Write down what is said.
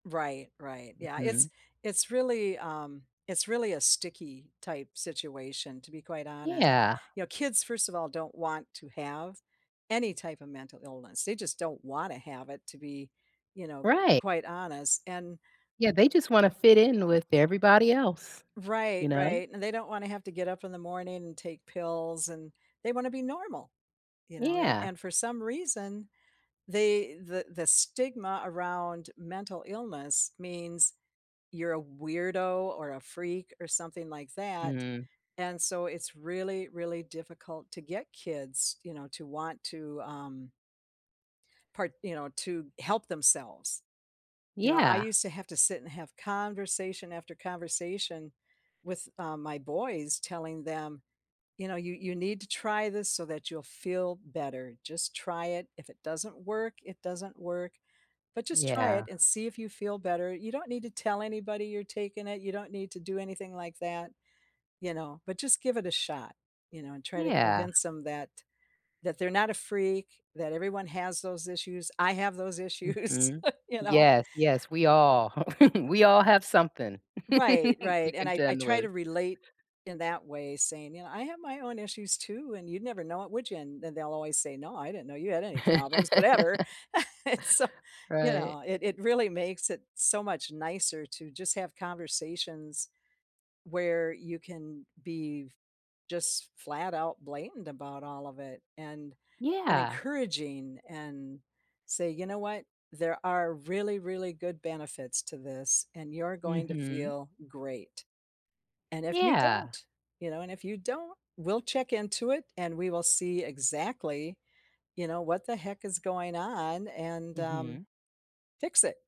Right, right. Yeah, it's Mhm. it's really um, it's really a sticky-type situation, to be quite honest. Yeah. You know, kids, first of all, don't want to have any type of mental illness, they just don't wanna have it to be, you know, Right. quite honest and Yeah, they just want to fit in with everybody else. You Right, know? right, and they don't wanna have to get up in the morning and take pills, and they want to be normal, you know. And Yeah. and for some reason, they the the stigma around mental illness means you're a weirdo, or a freak, or something like that, Mm. and so, it's really, really difficult to get kids, you know, to want to, um part you know, to help themselves. You know, I Yeah. used to have to sit and have conversation after conversation with, um, my boys, telling them, "You know, you you need to try this so that you'll feel better. Just try it. If it doesn't work, it doesn't work. But just try Yeah. it and see if you feel better. You don't need to tell anybody you're taking it. You don't need to do anything like that, you know, but just give it a shot." You know, and try to Yeah. convince 'em that that they're not a freak, that everyone has those issues, I have those issues, Mhm. you know? Yes, yes, we all we all have something, Right, we right, and I I contend try with. to relate in that way, saying, "You know, I have my own issues, too, and you'd never know it, would ya?" And and they'll always say, "No, I didn't know you had any problems, whatever." And so, you Right. know, it it really makes it so much nicer to just have conversations, where you can be f just flat out blamed about all of it, and been Yeah. encouraging and say, "You know what? There are really, really good benefits to this, and you're going to Mhm. feel great. And if you Yeah. don't you know, and if you don't, we'll check into it, and we will see exactly, you know, what the heck is going on and, um, Mhm. fix it."